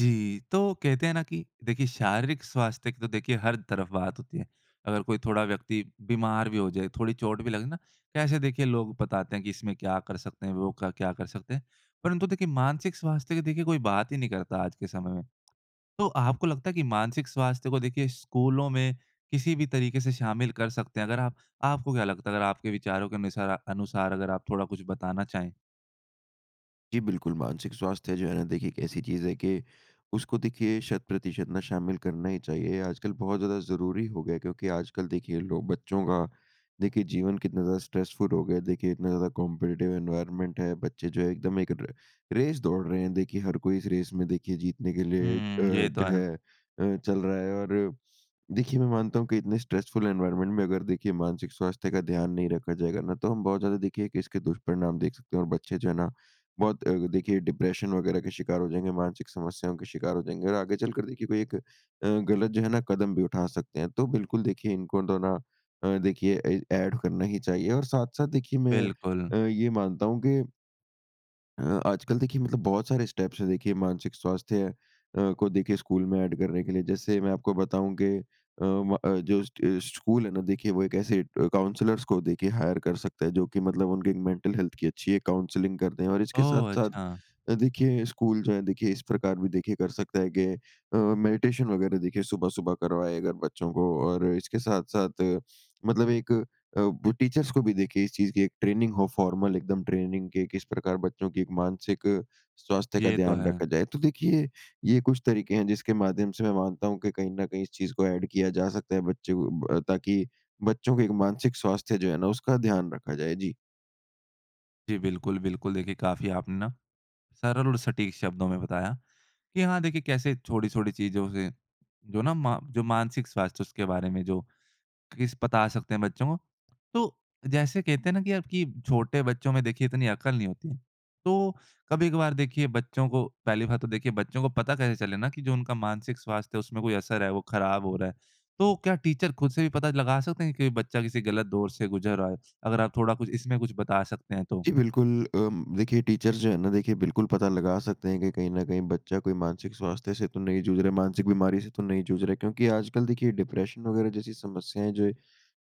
जी। तो कहते हैं ना कि देखिए, शारीरिक स्वास्थ्य की तो देखिए, हर तरफ बात होती है। अगर कोई थोड़ा व्यक्ति बीमार भी हो जाए, थोड़ी चोट भी लगे ना, कैसे देखिए लोग बताते हैं कि इसमें क्या कर सकते हैं वो क क्या कर सकते हैं? परंतु देखिए मानसिक स्वास्थ्य की देखिए कोई बात ही नहीं करता आज के समय में। तो आपको लगता है कि मानसिक स्वास्थ्य को देखिए स्कूलों में किसी भी तरीके से शामिल कर सकते हैं अगर आप आपको क्या लगता है अगर आपके विचारों के अनुसार अनुसार अगर आप थोड़ा कुछ बताना चाहें? जी, बिल्कुल। मानसिक स्वास्थ्य है जो है ना, देखिए एक ऐसी चीज़ है कि उसको देखिए शत प्रतिशत ना शामिल करना ही चाहिए। आजकल बहुत ज़्यादा ज़रूरी हो गया है क्योंकि आजकल देखिए लोग बच्चों का देखिए जीवन कितना ज़्यादा स्ट्रेसफुल हो गया है, देखिए इतना ज़्यादा कॉम्पिटिटिव एनवायरनमेंट है, बच्चे जो है एकदम एक र रेस दौड़ रहे हैं। देखिए, हर कोई इस रेस में देखिए जीतने के लिए अ, हुँ, ये तो जो है। है अ, चल रहा है और देखिए, मैं मानता हूँ कि इतने स्ट्रेसफुल एनवायरनमेंट में अगर देखिए मानसिक स्वास्थ्य का ध्यान नहीं रखा जाएगा ना तो हम बहुत ज़्यादा देखिए कि इसके दुष्परिणाम देख सकते हैं और बच्चे जो है ना बहुत अ, देखिए डिप्रेशन वग़ैरह के शिकार हो जाएँगे मानसिक समस्याओं के शिकार हो जाएँगे और आगे चलकर देखिए कोई एक अ, गलत जो है ना कदम भी उठा सकते हैं। तो बिल्कुल देखिए इनको तो ना अ, देखिए ए एड करना ही चाहिए और साथ-साथ देखिए मैं बिल्कुल। अ, ये मानता हूँ कि अ, आजकल देखिए मतलब बहुत सारे स्टेप्स है देखिए मानसिक स्वास्थ्य अ, को देखिए स्कूल में एड करने के लिए। जैसे मैं आपको बताऊँ के अ, व, अ, जस्ट स्कूल है ना देखिए वो एक ऐसे अ, काउंसलर्स को देखिए हायर कर सकता है, जो कि मतलब उनकी मेंटल हेल्थ की अच्छी एक काउंसलिंग कर दें। और इसके ओह! साथ-साथ, अच्छा। अ, देखिए स्कूल जो है देखिए इस प्रकार भी देखिए कर सकता है कि अ, मेडिटेशन वगैरह देखिए सुबह-सुबह करवाए अगर बच्चों को। और अ, इसके साथ-साथ अ, मतलब एक अ, वो टीचर्स को भी देखिए इस चीज़ की एक ट्रेनिंग हो फॉर्मल एकदम ट्रेनिंग के किस प्रकार बच्चों की एक मानसिक अ, स्वास्थ्य का ये तो ध्यान है। रखा जाए। तो देखिए ये कुछ तरीके हैं जिसके माध्यम से मैं मानता हूँ कि कहीं ना कहीं इस चीज़ को एड किया जा सकता है बच्चे अ, को ब, ताकि बच्चों के एक मानसिक स्वास्थ्य जो है ना उसका ध्यान रखा जाए। जी। जी बिल्कुल, बिल्कुल। देखिए काफ़ी आपने ना सरल और सटीक शब्दों में बताया कि हाँ देखिए कैसे छोटी-छोटी चीजों से जो ना मा जो मानसिक स्वास्थ्य उसके बारे में जो किस पता सकते हैं बच्चों को। तो जैसे कहते हैं ना कि अब कि छोटे बच्चों में देखिए इतनी अकल नहीं होती है। तो कभी-कभार देखिए बच्चों को पहली बात तो देखिए बच्चों को पता कैसे चले ना कि जो उनका मानसिक स्वास्थ्य है उसमें कोई असर है वो खराब हो रहा है। तो क्या टीचर ख़ुद से भी पता लगा सकते हैं कि बच्चा किसी गलत दौर से गुज़र रहा है? अगर आप थोड़ा कुछ इसमें कुछ बता सकते हैं तो जी बिल्कुल अम, देखिए टीचर्स जो है ना देखिए बिल्कुल पता लगा सकते हैं कि कहीं ना कहीं बच्चा कोई मानसिक स्वास्थ्य से तो नहीं जूझ रहा है, मानसिक बीमारी से तो नहीं जूझ रहा है। क्योंकि आजकल देखिए डिप्रेशन वगैरह जैसी समस्याएँ जो है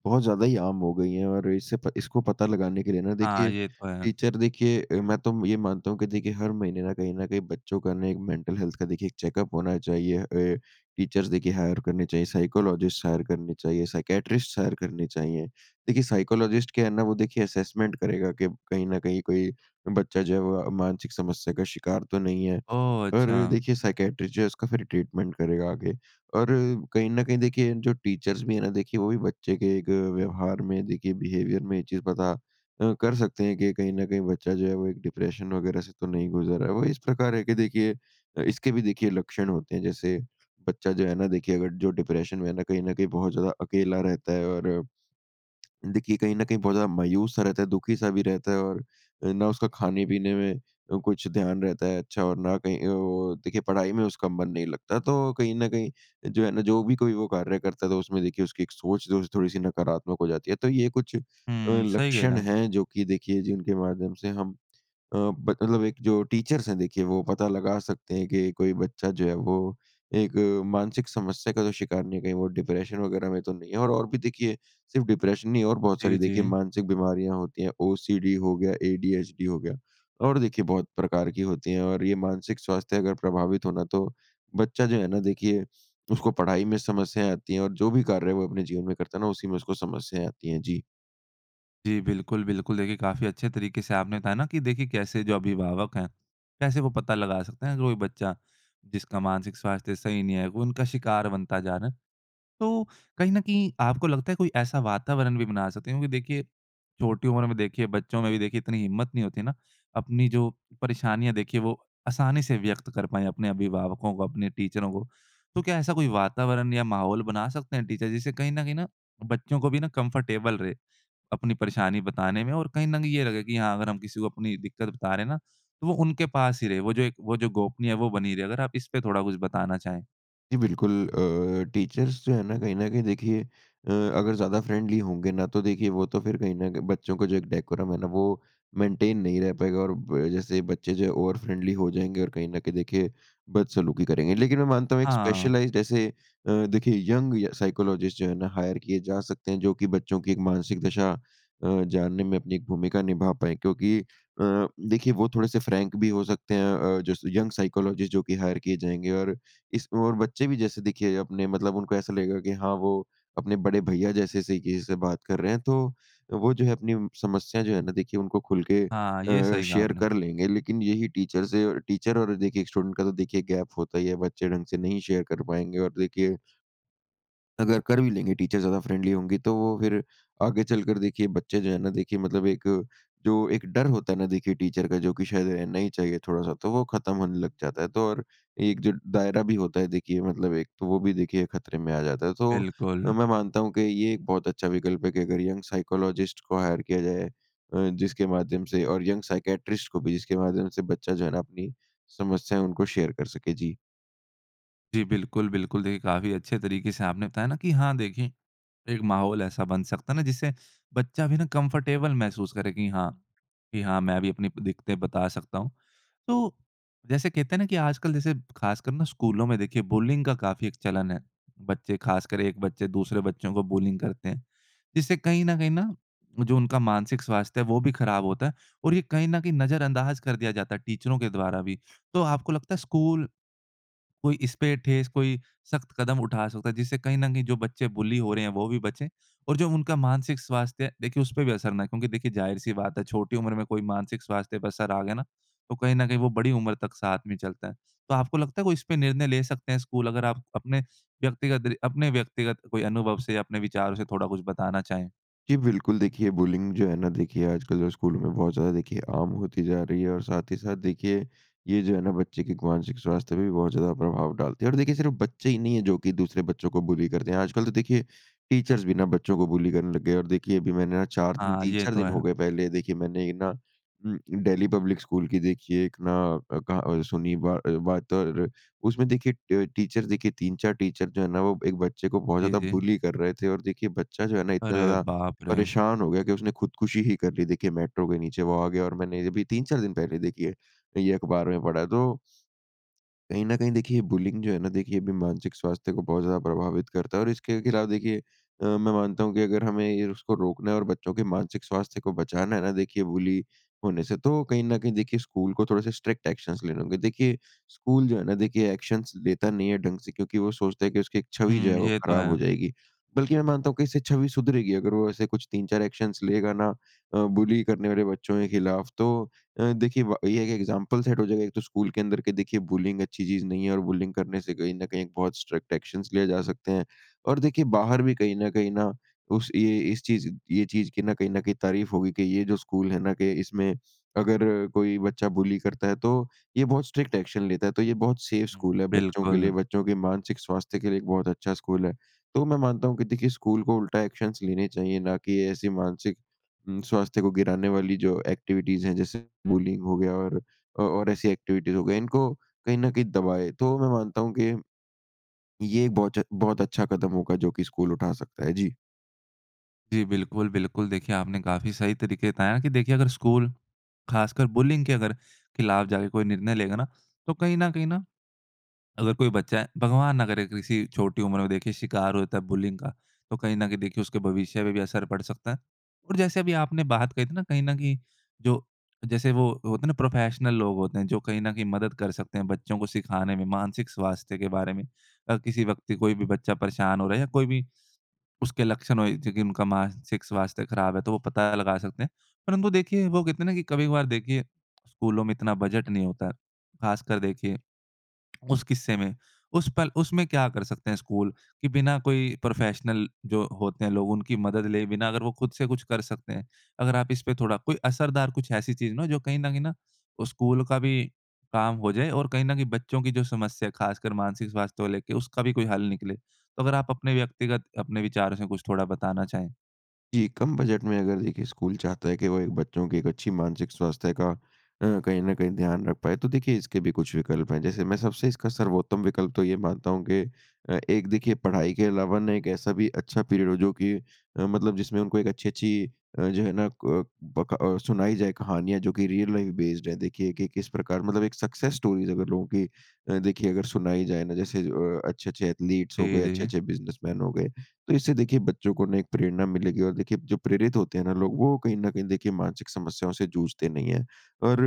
बहुत ज़्यादा ही आम हो गयी है और इसे प इसको पता लगाने के लिए ना हाँ, देखिए ये तो है। टीचर देखिए अ, मैं तो ये मानता हूँ कि देखिए हर महीने ना कहीं ना कहीं बच्चों का ना एक मेंटल हेल्थ का देखिए एक चेकअप होना चाहिए। अ, टीचर्स देखिए हायर करने चाहिए, साइकोलॉजिस्ट हायर करने चाहिए, साइकियाट्रिस्ट हायर करने चाहिए। देखिए साइकोलॉजिस्ट क्या है ना वो देखिए असेसमेंट करेगा कि कहीं ना कहीं कोई बच्चा जो है वो अ, मानसिक समस्या का शिकार तो नहीं है। ओह! और अ, अच्छा। देखिए साइकियाट्रिस्ट जो है उसका फिर ट्रीटमेंट करेगा आगे। और अ, कहीं ना कहीं देखिए जो टीचर्स भी है ना देखिए वो भी बच्चे के एक व्यवहार में देखिए बिहेवियर में ये चीज़ पता अ, कर सकते हैं कि कहीं ना कहीं बच्चा जो है वो एक डिप्रेशन वगैरह से तो नहीं गुज़र रहा है। वो इस प्रकार है कि देखिए इसके भी देखिए लक्षण होते हैं, जैसे बच्चा जो है ना देखिए अगर जो डिप्रेशन में है ना कहीं ना कहीं बहुत ज़्यादा अकेला रहता है और अ, देखिए कहीं ना कहीं बहुत ज़्यादा मायूस-सा रहता है, दुखी-सा भी रहता है और ना उसका खाने-पीने में अ कुछ ध्यान रहता है अच्छा और ना कहीं अ, वो देखिए पढ़ाई में उसका मन नहीं लगता। तो कहीं ना कहीं जो है ना जो भी कोई वो कार्य करता है तो उसमें देखिए उसकी एक सोच-जोज़ थोड़ी-सी नकारात्मक हो जाती है। तो ये कुछ अ, हुँ, सही है लक्षण ना। हैं जो कि देखिए जिनके माध्यम से हम अ, ब मतलब एक जो टीचर्स हैं देखिए वो पता लगा सकते हैं कि कोई बच्चा जो है वो एक अ, मानसिक समस्या का तो शिकार नहीं, कहीं वो डिप्रेशन वगैरह में तो नहीं और और भी देखिए सिर्फ़ डिप्रेशन नहीं और बहुत सारी जी, देखिए जी। मानसिक बीमारियाँ होती हैं। ओसीडी हो गया एडीएचडी हो गया और देखिए बहुत प्रकार की होती हैं। और ये मानसिक स्वास्थ्य अगर प्रभावित हो ना तो बच्चा जो है ना देखिए उसको पढ़ाई में समस्याएँ आती हैं और जो भी कार्य है वो अपने जीवन में करता है ना उसी में उसको समस्याएँ आती हैं। जी। जी। बिल्कुल, बिल्कुल। देखिए काफ़ी अच्छे तरीके से आपने बताया ना कि देखिए कैसे जो अभिभावक है, कैसे वो पता लगा सकते हैं कोई बच्चा जिसका मानसिक स्वास्थ्य सही नहीं है वो उनका शिकार बनता जा रहा है। तो कहीं न कहीं आपको लगता है कोई ऐसा वातावरण भी बना सकते हैं क्योंकि देखिए, छोटी उम्र में देखिए बच्चों में भी देखिए इतनी हिम्मत नहीं होती ना, अपनी जो परेशानियाँ देखिए वो आसानी से व्यक्त कर पाएँ अपने अभिभावकों को अपने टीचरों को। तो क्या ऐसा कोई वातावरण या माहौल बना सकते हैं टीचर जिससे कहीं न कहीं ना बच्चों को भी ना कंफ़र्टेबल रहे अपनी परेशानी बताने में, और कहीं न कहीं ये लगे कि हाँ अगर हम किसी को अपनी दिक्कत बता रहे हैं ना तो वो उनके पास ही रहे, वो जो एक वो जो गोपनीय है वो बनी रहे। अगर आप इसपे थोड़ा कुछ बताना चाहें? जी, बिल्कुल। अ, टीचर्स जो है ना कहीं न कहीं देखिए अ, अगर ज़्यादा फ्रेंडली होंगे ना तो देखिए वो तो फिर कहीं न कहीं बच्चों का जो एक डेकोरम है ना वो मेंटेन नहीं रह पाएगा और ब जैसे बच्चे जो ओवर फ़्रेंडली हो जाएँगे और कहीं न कहीं देखिए, बदसलूकी करेंगे। लेकिन मैं मानता हूँ एक हाँ। स्पेशलाइज़्ड ऐसे अ, देखिए यंग य साइकोलॉजिस्ट जो है ना, हायर किए जा सकते हैं जो कि बच्चों की एक मानसिक दशा अ, जानने में अपनी एक भूमिका निभा पाएँ। क्योंकि अ, देखिए वो थोड़े-से फ्रैंक भी हो सकते हैं अ, जैसे यंग साइकोलॉजिस्ट जो कि हायर किए जाएँगे और इसमें और बच्चे भी जैसे देखिए, अपने मतलब उनको ऐसा लगेगा कि हाँ, वो अपने बड़े भईया जैसे से किसी से बात कर रहे हैं। तो वो जो है अपनी समस्या जो है ना देखिए उनको खुल के हाँ, ये अ, सही कहा शेयर आपने। कर लेंगे लेकिन यही टीचर से अ, टीचर और देखिए स्टूडेंट का तो देखिए गैप होता ही है बच्चे ढँग से नहीं शेयर कर पाएँगे और देखिए अगर कर भी लेंगे टीचर ज़्यादा फ्रेंडली होंगी तो वो फिर आगे चलकर देखिए बच्चे जो हैं ना देखिए मतलब एक जो एक डर होता है ना देखिए टीचर का, जो कि शायद रहना ही चाहिए थोड़ा-सा, तो वो ख़त्म होने लग जाता है। तो और एक जो दायरा भी होता है देखिए मतलब एक तो वो भी देखिए ख़तरे में आ जाता है। तो बिल्कुल। अ, मैं मानता हूँ कि ये एक बहुत अच्छा विकल्प है कि अगर यंग साइकोलॉजिस्ट को हायर किया जाए अ, जिसके माध्यम से और यंग साइकेट्रिस्ट को भी, जिसके माध्यम से बच्चा जो है ना अपनी समस्याएँ उनको शेयर कर सके, जी। जी, बिल्कुल, बिल्कुल देखिए, काफ़ी अच्छे तरीके से आपने बताया ना कि हाँ, देखें एक माहौल ऐसा बन सकता है ना जिससे बच्चा भी ना कम्फ़ोर्टेबल महसूस करे कि हाँ कि हाँ मैं भी अपनी प दिक्कतें बता सकता हूँ। तो जैसे कहते हैं ना कि आजकल जैसे खासकर ना स्कूलों में देखिए बुलिंग का काफ़ी एक चलन है। बच्चे खासकर एक बच्चे दूसरे बच्चों को बुलिंग करते हैं। जिससे कहीं न कहीं ना, जो उनका मानसिक स्वास्थ्य है वो भी खराब होता है। और ये कहीं न कहीं नज़रअंदाज कर दिया जाता है टीचरों के द्वारा भी। तो आपको लगता है स्कूल, कोई इसपे ठोस कोई शख्त कदम उठा सकता है। जिससे कहीं न कहीं जो बच्चे बुली हो रहे हैं, वो भी बचे। और जो उनका मानसिक स्वास्थ्य है, देखिए उसपे भी असर न आए। क्योंकि देखिए जाहिर-सी बात है छोटी उम्र में कोई मानसिक स्वास्थ्य पे असर आ गया ना, तो कहीं न कहीं वो बड़ी उम्र तक साथ में चलता है। तो आपको लगता है वो इस पर निर्णय ले सकते हैं स्कूल? अगर आप अपने व्यक्तिगत दरि अपने व्यक्तिगत कोई अनुभव से, अपने विचारों से थोड़ा कुछ बताना चाहें? जी, बिल्कुल। देखिए, बुलिंग जो है ना, देखिए आजकल जो स्कूल में बहुत ज़्यादा देखिए आम होती जा रही है, और साथ ही साथ देखिए ये जो है ना, बच्चे के एक मानसिक स्वास्थ्य पे भी बहुत ज़्यादा प्रभाव डालती है। और देखिए, सिर्फ़ बच्चे ही नहीं है जो कि दूसरे बच्चों को बुली करते हैं। आजकल तो देखिए, टीचर्स भी ना बच्चों को बुली करने लग गए हैं। और देखिए, अभी मैंने अ, 4 दिन, हाँ। तीन ये चार तो दिन हो है। गए। पहले देखिए, मैंने ये ना उम, अ, डैली पब्लिक स्कूल की देखिए, एक ना अ, कहा अ, सुनी बा अ, बात और उसमें देखिए ट टीचर्स देखिए, 3-4 टीचर जो है ना, वो एक बच्चे को बहुत जी, ज़्यादा जी। बुली कर रहे थे और देखिए, बच्चा जो है ना इतना अरे, ज़्यादा बाप रे! परेशान हो गया कि उसने खुदकुशी ही कर ली। देखिए, मेट्रो के नीचे वो आ गया और मैंने ये अभी 3-4 दिन पहले देखी है। ये अखबार में पढ़ा है तो कहीं न कहीं देखिए बुलिंग जो है ना, देखिए अभी मानसिक स्वास्थ्य को बहुत ज़्यादा प्रभावित करता है और इसके खिलाफ देखिए, अ, मैं मानता हूँ कि अगर हमें ये उसको रोकना है और बच्चों के मानसिक स्वास्थ्य को बचाना है ना देखिए, बुली होने से, तो कहीं न कहीं देखिए स्कूल को थोड़े से स्ट्रिक्ट एक्शंस लेने होंगे। देखिए, स्कूल जो है ना देखिए एक्शंस लेता नहीं है ढंग से, क्योंकि वो सोचता है कि उसकी एक छवि जो है, हुँ। वो ये तो खराब है। हो जाएगी। बल्कि मैं मानता हूँ कि इससे छवि सुधरेगी, अगर वो ऐसे कुछ 3-4 एक्शंस लेगा ना। अ, बुली करने वाले बच्चों के खिलाफ़ तो अ, देखिए व ये एक एक्ज़ैंपल सेट हो जाएगा ये तो स्कूल के अंदर के देखिए बुलिंग अच्छी चीज़ नहीं है। और बुलिंग करने से कहीं न कहीं एक बहुत स्ट्रिक्ट एक्शंस लिए जा सकते हैं। और देखिए, बाहर भी कहीं न कहीं ना उस ये ये इस चीज़ ये चीज़ की ना कहीं न कहीं तारीफ़ होगी कि ये जो स्कूल है ना के इसमें, अगर कोई बच्चा बुली करता है तो ये बहुत स्ट्रिक्ट एक्शन लेता है। तो ये बहुत सेफ हुँ। स्कूल है बच्चों के लिए, बिल्कुल। बच्चों के मानसिक स्वास्थ्य के लिए एक बहुत अच्छा स्कूल है। तो मैं मानता हूँ कि देखिए, स्कूल को उल्टा एक्शंस लेने चाहिए, ना कि ऐसी मानसिक उम, स्वास्थ्य को गिराने वाली जो एक्टिविटीज़ हैं जैसे बुलिंग हो गया और अ और ऐसी एक्टिविटीज़ हो गई। इनको कहीं न कहीं दबाएँ। तो मैं मानता हूँ कि, ये बहुच बहुत अच्छा कदम होगा, जो कि स्कूल उठा सकता है। जी। जी। बिल्कुल, बिल्कुल देखिए आपने काफ़ी सही तरीके बताया कि देखिए, अगर स्कूल ख़ासकर बुलिंग के अगर खिलाफ जाके कोई निर्णय लेगा ना, तो कहीं न कहीं ना अगर कोई बच्चा है, भगवान ना करे किसी छोटी उम्र में देखिए शिकार हो जाता है बुलिंग का। तो कहीं न कहीं देखिए उसके भविष्य पे भी असर पड़ सकता है। और जैसे अभी आपने बात कही थी ना कहीं न कहीं जो जैसे वो होते है ना प्रोफेशनल लोग होते हैं जो कहीं न कहीं मदद कर सकते हैं बच्चों को सिखाने में मानसिक स्वास्थ्य के बारे में। अ, किसी व्यक्ति कोई भी बच्चा परेशान हो रहा है या कोई भी, उसके लक्षण हो जो की उनका मानसिक स्वास्थ्य ख़राब है तो वो पता लगा सकते हैं। परंतु देखिए वो कहते है ना कि कभी-कभार देखिए स्कूलों में इतना बजट नहीं होता है। ख़ासकर देखिए, उस किस्से में उस पर उसमें क्या कर सकते हैं स्कूल? कि बिना कोई प्रोफेशनल जो होते हैं लोग उनकी मदद ले बिना अगर वो ख़ुद से कुछ कर सकते हैं, अगर आप इसपे थोड़ा कोई असरदार कुछ ऐसी चीज़ ना हो जो कहीं न कहीं ना वो स्कूल का भी काम हो जाए और कहीं न कहीं बच्चों की जो समस्या है ख़ासकर मानसिक स्वास्थ्य को लेके, उसका भी कोई हल निकले। तो अगर आप अपने व्यक्तिगत अपने विचारों से कुछ थोड़ा बताना चाहें? जी। कम बजट में अगर देखिए, स्कूल चाहता है कि वो एक बच्चों की एक अच्छी मानसिक स्वास्थ्य का अ, कहीं न कहीं ध्यान रख पाए तो देखिए इसके भी कुछ विकल्प हैं। जैसे मैं सबसे इसका सर्वोत्तम विकल्प तो ये मानता हूँ कि अ, एक देखिए पढ़ाई के अलावा ना एक ऐसा भी अच्छा पीरियड हो जो कि अ, मतलब जिसमें उनको एक अच्छी-अच्छी अ, जो है ना क ब क अ, सुनाई जाए कहानियाँ जो कि रियल लाइफ़ बेस्ड है। देखिए कि किस प्रकार मतलब एक सक्सेस स्टोरीस अगर लोगों की अ, देखिए अगर सुनाई जाए ना जैसे अ, अच्छे-अच्छे एथलीट्स हो जी, गए, जी। अच्छे-अच्छे बिज़नेसमैन हो गए। तो इससे देखिए बच्चों को ना एक प्रेरणा मिलेगी और देखिए जो प्रेरित होते हैं ना लोग वो कहीं न कहीं देखिए मानसिक समस्याओं से जूझते नहीं है। और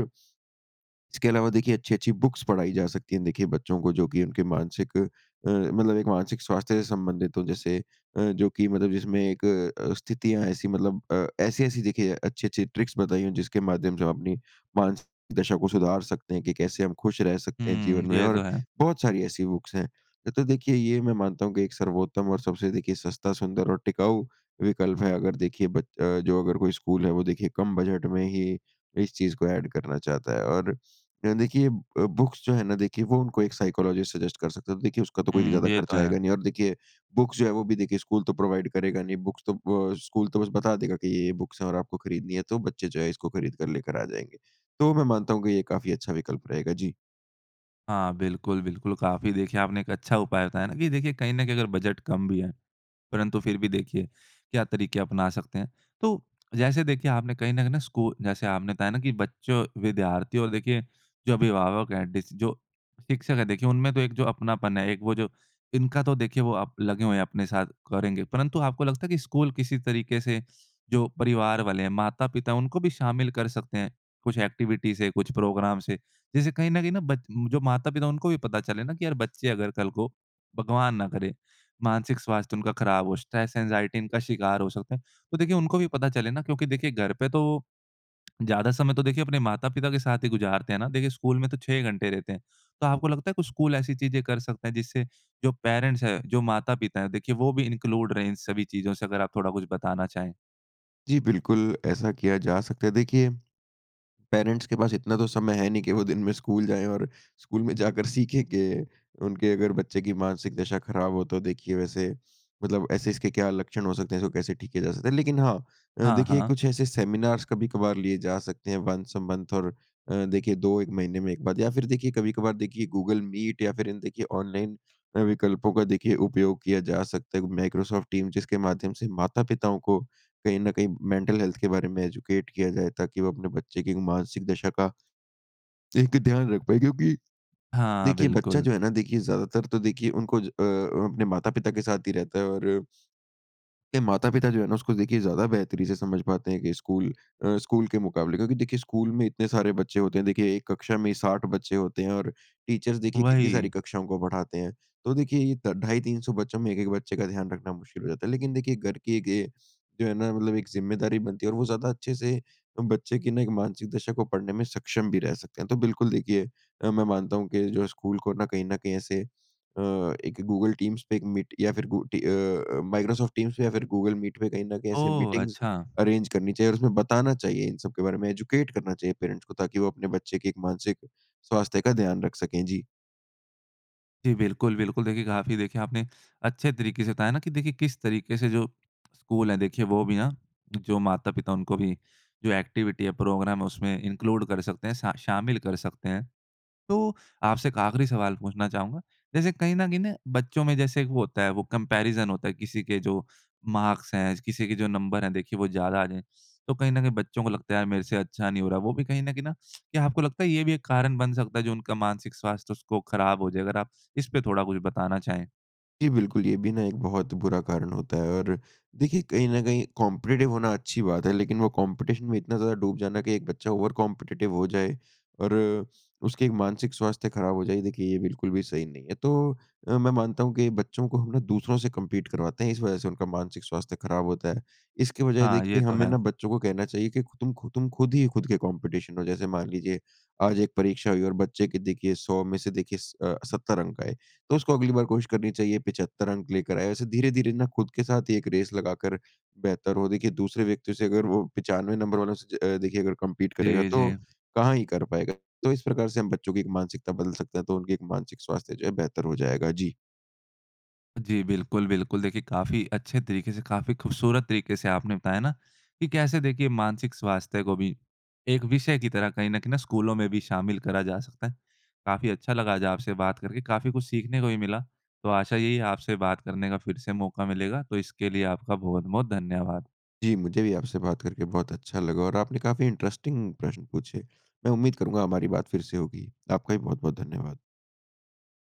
इसके अलावा देखिए अच्छी-अच्छी बुक्स पढ़ाई जा सकती है देखिए बच्चों को जो कि उनके मानसिक अ, मतलब एक मानसिक स्वास्थ्य से संबंधित हो जैसे अ, जो कि मतलब जिसमें एक अ, स्थितियाँ ऐसी मतलब अ, ऐसी-ऐसी देखिए अच्छी-अच्छी ट्रिक्स बताई हों जिसके माध्यम से हम अपनी मानसिक दशा को सुधार सकते हैं कि कैसे हम खुश रह सकते हैं हुँ। जीवन में ये तो और है। बहुत सारी ऐसी बुक्स हैं। तो देखिए, ये मैं मानता हूँ कि एक सर्वोत्तम और सबसे देखिए सस्ता सुंदर और टिकाऊ विकल्प है अगर देखिए ब अ, जो अगर कोई स्कूल है वो देखिए कम बजट में ही इस चीज़ को एड करना चाहता है और अ, देखिए अ, बुक्स जो है ना देखिए वो उनको एक साइकोलॉजिस्ट सजेस्ट कर सकता है। तो देखिए उसका तो कोई हुँ। ज़्यादा ये तो खर्चा है। आएगा नहीं और देखिए बुक्स जो है वो भी देखिए स्कूल तो प्रोवाइड करेगा नहीं बुक्स तो अ, स्कूल तो बस बता देगा कि ये, ये बुक्स हैं और आपको खरीदनी है तो बच्चे जो है इसको खरीद कर लेकर आ जाएँगे। तो मैं मानता हूँ कि ये काफ़ी अच्छा विकल्प रहेगा। जी। हाँ, बिल्कुल, बिल्कुल। काफ़ी देखिए आपने एक अच्छा उपाय बताया ना कि देखिए कहीं न कहीं अगर बजट कम भी है। परंतु फिर भी देखिए, क्या तरीक़े अपना सकते हैं? तो जैसे देखिए आपने कहीं न कहीं ना स्कू जैसे आपने बताया ना कि बच्चों, विद्यार्थी और देखिए जो अभिभावक है, डिस जो शिक्षक है देखिए उनमें तो एक जो अपनापन है एक वो जो इनका तो देखिए वो अप लगे हुए हैं अपने साथ, करेंगे। परंतु आपको लगता है कि स्कूल किसी तरीक़े से जो परिवार वाले हैं, माता-पिता है उनको भी शामिल कर सकते हैं? कुछ एक्टिविटी से कुछ प्रोग्राम से? जैसे कहीं न कहीं ना बच जो माता-पिता उनको भी पता चले ना कि यार बच्चे अगर कल को भगवान ना करे मानसिक स्वास्थ्य उनका ख़राब हो स्ट्रेस, एंग्जायटी इनका शिकार हो सकते हैं। तो देखिए उनको भी पता चले ना। क्योंकि देखिए घर पे तो ज़्यादा समय तो देखिए अपने माता-पिता के साथ ही गुज़ारते हैं ना। देखिए स्कूल में तो 6 ही घंटे देते हैं। तो आपको लगता है कि स्कूल ऐसी चीज़ें कर सकता है जिससे जो पैरेंट्स हैं, जो माता-पिता है देखिए वो भी इन्क्लूड रहे इन सभी चीज़ों से। अगर आप थोड़ा कुछ बताना चाहें? जी बिल्कुल। ऐसा किया जा सकता है। देखिए, पैरेंट्स के पास इतना तो समय है नहीं कि वो दिन में स्कूल जाएँ और स्कूल में जाकर सीखें कि उनके अगर बच्चे की मानसिक दशा ख़राब हो तो देखिए वैसे मतलब ऐसे इसके क्या लक्षण हो सकते हैं? जो कैसे ठीके किया जा सकते हैं? लेकिन हाँ, अ, हाँ, देखिए हाँ। कुछ ऐसे सेमिनार्स कभी-कभार लिए जा सकते हैं वन्स अ मंथ और अ, देखिए 2-1 महीने में एक बार या फिर देखिए कभी-कभार देखिए गूगल मीट या फिर इन देखिए ऑनलाइन अ, विकल्पों का देखिए उपयोग किया जा सकता है। वो माइक्रोसॉफ़्ट टीम्स जिसके माध्यम से माता-पिताओं को कहीं न कहीं मैंटल हेल्थ के बारे में एजुकेट किया जाए ताकि वो अपने बच्चे की एक मानसिक दशा का एक ध्यान रख पाएँ क्योंकि, हाँ, देखिए बच्चा बिल्कुल। जो है ना देखिए ज़्यादातर तो देखिए, उनको ज अ, अपने माता-पिता के साथ ही रहता है और के माता-पिता जो है ना उसको देखिए ज़्यादा बेहतरी से समझ पाते हैं कि स्कूल अ, स्कूल के मुकाबले। क्योंकि देखिए, स्कूल में इतने सारे बच्चे होते हैं देखिए, 1 कक्षा में ही 60 बच्चे होते हैं और टीचर्स देखिए कितनी सारी वही। कक्षाओं को पढ़ाते हैं। तो देखिए ये त ढाई, 300 बच्चों में 1-1 बच्चे का ध्यान रखना मुश्किल हो जाता है। लेकिन देखिए घर के गे जो है ना मतलब एक ज़िम्मेदारी बनती है और वो ज़्यादा अच्छे से अ, बच्चे की ना एक मानसिक दशा को पढ़ने में सक्षम भी रह सकते हैं। तो बिल्कुल देखिए अ, मैं मानता हूँ कि जो हैं स्कूल को ना कहीं न कहीं ऐसे अ, एक गूगल टीम्स पे एक मीट या फिर गु टी अ, अ, माइक्रोसॉफ़्ट टीम्स पे या फिर गूगल मीट पे कहीं न कहीं ऐसे ओह! मीटिंग्स अच्छा। अरेंज करनी चाहिए। और उसमें बताना चाहिए इन सब के बारे में एजुकेट करना चाहिए पैरेंट्स को ताकि वो अपने बच्चे की एक मानसिक स्वास्थ्य का ध्यान रख सकें। जी। जी बिल्कुल, बिल्कुल देखिए काफ़ी देखें आपने अच्छे तरीके से बताया ना कि देखिए किस तरीके से जो स्कूल हैं देखिए वो भी ना जो माता-पिता उनको भी जो एक्टिविटी है, प्रोग्राम है उसमें इनक्लूड कर सकते हैं सा शामिल कर सकते हैं। तो आपसे एक आखरी सवाल पूछना चाहूँगा। जैसे कहीं न कहीं ना बच्चों में जैसे एक वो होता है वो कम्पैरिज़न होता है किसी के जो मार्क्स हैं किसी के जो नंबर हैं देखिए वो ज़्यादा आ जाएँ, तो कहीं न कहीं बच्चों को लगता है मेरे से अच्छा नहीं हो रहा है वो भी कहीं न कहीं ना क्या आपको लगता है ये भी एक कारण बन सकता है जो उनका मानसिक स्वास्थ्य उसको ख़राब हो जाए? अगर आप इसपे थोड़ा कुछ बताना चाहें? जी बिल्कुल। ये भी ना एक बहुत बुरा कारण होता है और देखिए कहीं न कहीं कॉम्पिटिटिव होना अच्छी बात है लेकिन वो कॉम्पिटिशन में इतना ज़्यादा डूब जाना कि एक बच्चा ओवर कॉम्पिटिटिव हो जाए और उसकी एक मानसिक स्वास्थ्य ख़राब हो जाए देखिए, ये बिल्कुल भी सही नहीं है। तो अ, मैं मानता हूँ कि बच्चों को हम ना दूसरों से कम्पीट करवाते हैं इस वजह से उनका मानसिक स्वास्थ्य खराब होता है। इसकी बजाए हाँ, देखिए ये तो हमें है। ना बच्चों को कहना चाहिए कि ख़ु तुम ख़ु तुम ख़ुद ही ख़ुद के कॉम्पिटिशन हो। जैसे मान लीजिए आज एक परीक्षा हुई और बच्चे के देखिए 100 में से देखिए स अ, 70 अंक आए। तो उसको अगली बार कोशिश करनी चाहिए 75 अंक लेकर आए। ऐसे धीरे-धीरे ना ख़ुद के साथ एक रेस लगाकर बेहतर हो। देखिए दूसरे व्यक्ति से अगर वो 95 नंबर वालों से अ, देखिए अगर कम्पीट करेगा जी जी। तो कहाँ ही कर पाएगा। तो इस प्रकार से हम बच्चों की एक मानसिकता बदल सकते हैं, तो उनकी एक मानसिक स्वास्थ्य जो है बेहतर हो जाएगा। जी। जी बिल्कुल, बिल्कुल। देखिए, काफ़ी अच्छे तरीके से काफ़ी ख़ूबसूरत तरीके से आपने बताया ना कि कैसे देखिए मानसिक स्वास्थ्य को भी एक विषय की तरह कहीं न कहीं ना स्कूलों में भी शामिल करा जा सकता है। काफ़ी अच्छा लगा आज आपसे बात करके काफ़ी कुछ सीखने को भी मिला। तो आशा यही है आपसे बात करने का फ़िर से मौका मिलेगा। तो इसके लिए आपका बहुत-बहुत धन्यवाद! जी, मुझे भी आपसे बात करके बहुत अच्छा लगा और आपने काफ़ी इंट्रेस्टिंग प्रश्न पूछे। मैं उम्मीद करूँगा हमारी बात फ़िर से होगी। आपका भी बहुत-बहुत धन्यवाद!